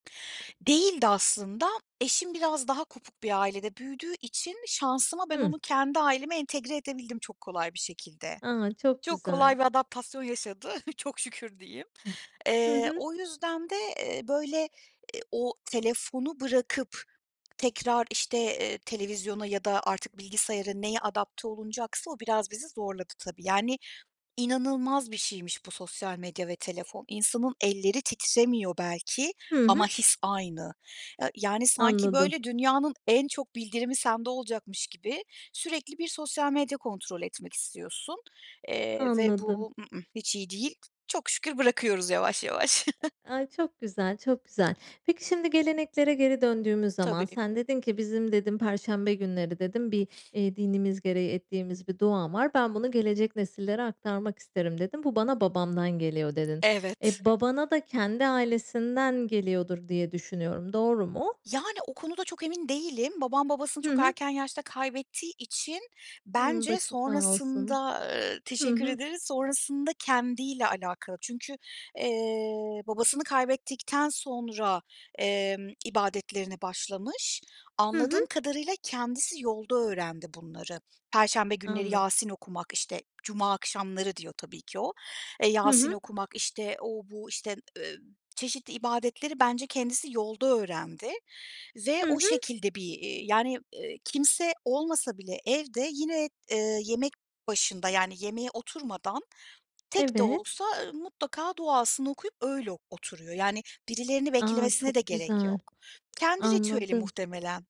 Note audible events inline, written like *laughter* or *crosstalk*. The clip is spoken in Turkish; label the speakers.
Speaker 1: Değildi aslında. Eşim biraz daha kopuk bir ailede büyüdüğü için şansıma ben
Speaker 2: Hıh.
Speaker 1: onu kendi aileme entegre edebildim çok kolay bir şekilde.
Speaker 2: A! Çok
Speaker 1: Çok
Speaker 2: güzel.
Speaker 1: kolay bir adaptasyon yaşadı, *chuckles* çok şükür diyeyim.
Speaker 2: *chuckles* Hı
Speaker 1: Eee,
Speaker 2: hı.
Speaker 1: o yüzden de, eee, böyle, eee, o telefonu bırakıp tekrar, işte, eee, televizyona ya da artık bilgisayara neye adapte olunacaksa, o biraz bizi zorladı tabii. Yani inanılmaz bir şeymiş bu sosyal medya ve telefon. İnsanın elleri titremiyor belki
Speaker 2: Hı
Speaker 1: ama
Speaker 2: hı.
Speaker 1: his aynı. Ya, yani sanki
Speaker 2: Anladım.
Speaker 1: böyle dünyanın en çok bildirimi sende olacakmış gibi sürekli bir sosyal medya kontrol etmek istiyorsun, eee, ve
Speaker 2: Anladım.
Speaker 1: bu, ı ıh, hiç iyi değil. Çok şükür bırakıyoruz yavaş yavaş.
Speaker 2: Ay çok güzel çok güzel.
Speaker 1: *chuckles*
Speaker 2: Peki şimdi geleneklere geri döndüğümüz zaman
Speaker 1: Tabii.
Speaker 2: sen dedin ki, bizim dedin perşembe günleri dedin bir, eee, dinimiz gereği ettiğimiz bir dua var. Ben bunu gelecek nesillere aktarmak isterim dedin. Bu bana babamdan geliyor dedin.
Speaker 1: Evet.
Speaker 2: E babana da kendi ailesinden geliyordur diye düşünüyorum. Doğru mu?
Speaker 1: Yani o konuda çok emin değilim. Babam, babasını
Speaker 2: Hı
Speaker 1: çok
Speaker 2: hı.
Speaker 1: erken yaşta kaybettiği için
Speaker 2: Hımm,
Speaker 1: bence
Speaker 2: başın sağ olsun.
Speaker 1: sonrasında, ııı,
Speaker 2: Hı
Speaker 1: teşekkür
Speaker 2: hı.
Speaker 1: ederiz, sonrasında kendi ile alakalı. Çünkü, eee, babasını kaybettikten sonra, emm, ibadetlerine başlamış.
Speaker 2: Hı hı.
Speaker 1: Anladığım kadarıyla kendisi yolda öğrendi bunları. Perşembe günleri
Speaker 2: Anlad
Speaker 1: Yasin okumak, işte, cuma akşamları diyor tabii ki o, eee,
Speaker 2: Hı
Speaker 1: Yasin
Speaker 2: hı.
Speaker 1: okumak, işte, o bu, işte, ııı, çeşitli ibadetleri bence kendisi yolda öğrendi ve
Speaker 2: Hı
Speaker 1: o
Speaker 2: hı.
Speaker 1: şekilde bir, eee, yani, eee, kimse olmasa bile evde yine, ııı, yemek başında yani yemeğe oturmadan tek de
Speaker 2: Evet.
Speaker 1: olsa, ııı, mutlaka duasını okuyup öyle oturuyor. Yani birilerini
Speaker 2: A!
Speaker 1: beklemesine de
Speaker 2: Çok
Speaker 1: gerek
Speaker 2: güzel
Speaker 1: yok. Kendi ritüeli
Speaker 2: anladım.
Speaker 1: muhtemelen.